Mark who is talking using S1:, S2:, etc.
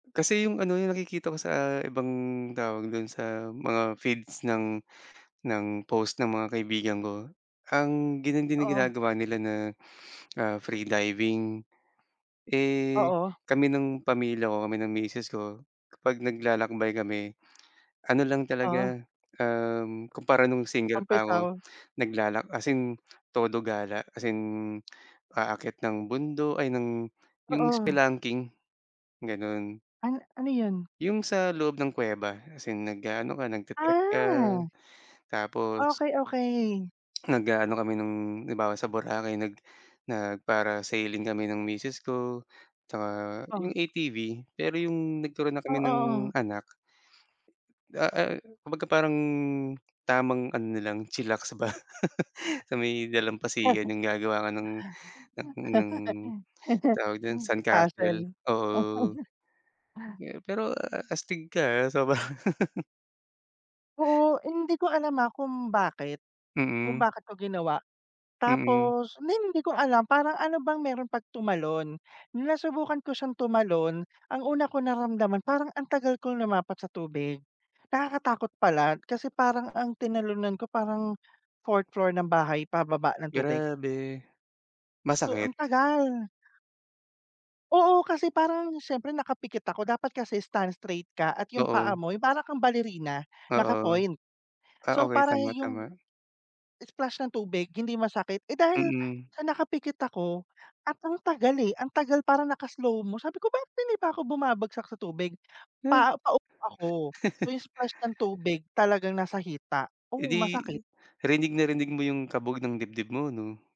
S1: Kasi yung ano, yung nakikita ko sa ibang tawag dun sa mga feeds ng ng post ng mga kaibigan ko. Ang ganyan din
S2: Oo.
S1: ginagawa nila na, ah, free diving. Eh,
S2: Oo.
S1: kami ng pamilya ko kami ng misis ko. Kapag naglalakbay kami. Ano lang
S2: Oh.
S1: talaga. Um, kumpara nung single pa ako.
S2: Tampisaw.
S1: Naglalak as in, todo gala as in aakyat ng bundo ay ng yung
S2: Oo.
S1: spelunking, ganon.
S2: An ano yon?
S1: Yung sa loob ng kuweba as in nag-aano ka nagta-trekk ka.
S2: Ah.
S1: Tapos
S2: Okey, okey.
S1: Nag-aano kami nung halimbawa, sa boracay nag nag-parasailing kami ng misis ko. Tsaka yung
S2: Oh.
S1: ATV, pero yung nagturo na
S2: Oh,
S1: kami ng
S2: oo, oh.
S1: anak. Da eh, kumbaga parang tamang ano na lang chillax ba. Sa may
S2: Isa
S1: dalampasigan
S2: lang
S1: yung gagawa ka ng ng, ng tawag dun
S2: Hmm,
S1: sand castle,
S2: castle.
S1: oo. Ge pero a a astig ka, ah sobrang
S2: Oo, hindi ko alam, ah, kung bakit. Kung
S1: Mm.
S2: bakit ko ginawa?
S1: Mm.
S2: Tapos hindi hindi ko alam parang ano bang meron pag tumalon. Nasubukan ko siyang tumalon. Ang una kong naramdaman parang ang tagal kong lumapat sa tubig. Nakakatakot pala kasi parang ang tinalunan ko parang 4th floor ng bahay pababa ng tubig.
S1: Grabe.
S2: So, ang
S1: Masakit.
S2: tagal. Oo, kasi parang na siyempre nakapikit ako. Dapat kasi stand straight ka at yung
S1: Oo.
S2: paa mo yung para kang balerina,
S1: Oo.
S2: naka-point.
S1: Ah,
S2: So,
S1: okey
S2: parang
S1: tama, tama.
S2: yung splash ng tubig hindi masakit. Eh, dahil
S1: Mm.
S2: sa nakapikit ako, akong tagal. eh. Ang tagal parang naka slow mo. Sabi ko, "Bakit hindi pa ako bumabagsak sa tubig?"
S1: Huh.
S2: Pa paupo ako. So, yung splash ng tubig talagang nasa hita,
S1: Eh,
S2: oo
S1: di
S2: masakit.
S1: rnig na rinig mo 'yong kabog ng dibdib mo, 'no?